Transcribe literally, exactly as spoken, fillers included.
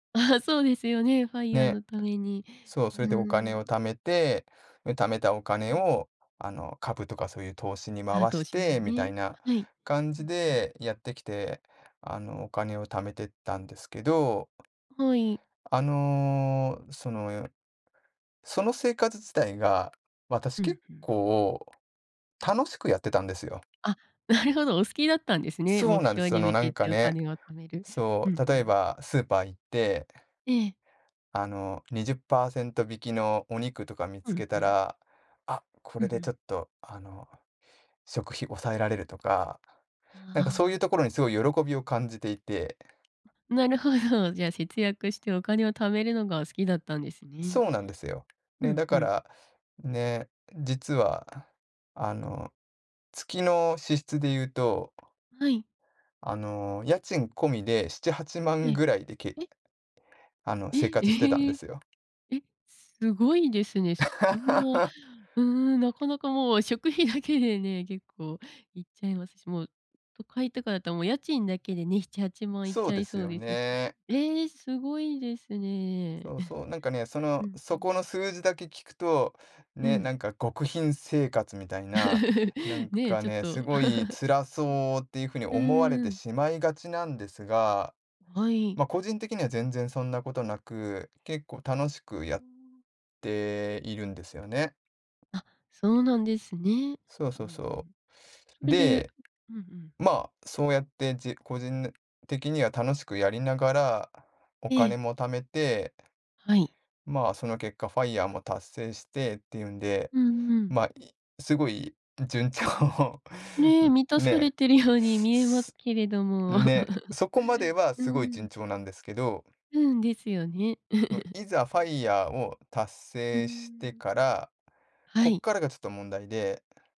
あ、そうですよね。FIRE ね、のために。そう、え、それうでお金をん。貯めて、で、貯めたおう金ん。をあの、株とかそういう投資に回あ、投し資てにみたね。いなはい。感うじん、ふん。でやってきて、あのお金を貯めてったんですけど。はい。あの、そのよいその生活自体が私、うん、結ふん。構ええ。楽しくやってたんですよ。あ、なるほど、お好きだったんですね、そう目なんです。標そにの向なけんかておね、金を貯める。うそん、う、ふ例えん。ばスーパー行って、ええ。あのにじゅっパーセント引きのお肉とか見うつん、けふたん。ら、あ、こうんれうでちょん。っとあの、食費抑えられるとか、あなんかそういああうあ。ところにすごい喜びを感じていてなるほど、じゃあ、節約してお金を貯めるのが好きだったんですね。そうなんですよ。うね、ん、だふかん。ら、ね、実は、あの、月の支出で言うとはい。あの、家賃込みでしちはちまえんえ。ぐらいでけえ？あの、え？生え活してたんでへ。すよ。え、すごいですね。そんな、う ーん、なかなかもう食費だけでね、結構行っちゃいますし、もう都会とかだともう家賃だけでね、ひちはちまん行っそちうゃでいすそうよですしね。え、すごいですね。そうそう、なんかね、そ うん、の、うーそこのん。数字だけ聞くと、うね、ん。なんか極貧生活みたいな、な んね、かちょっね、と。すごい辛 そうっていう風にう思われん、うてーん。しまいがちなんですが、はい。ま、個人的には全然そんなことなく、結構楽しくやうっーん。ているんですよね。あ、そうなんですね。そううんうそうそん。そう。れでで、うんうん。まあ、そうやって、じ個人ぬ的には楽しくやりながら、おえ金え。も貯めて、はい。まあ、その結果ファイヤーも達成してっていうんで、うんうん。まあ、いすごい順調ね、満たん、されね。てるように見えますけれども。ね、そこま ではうすごいん。順調なんですけど。うん、ですよね。も、いざファイヤーを達うー成してん。から、はこっい。からがちょっと問題で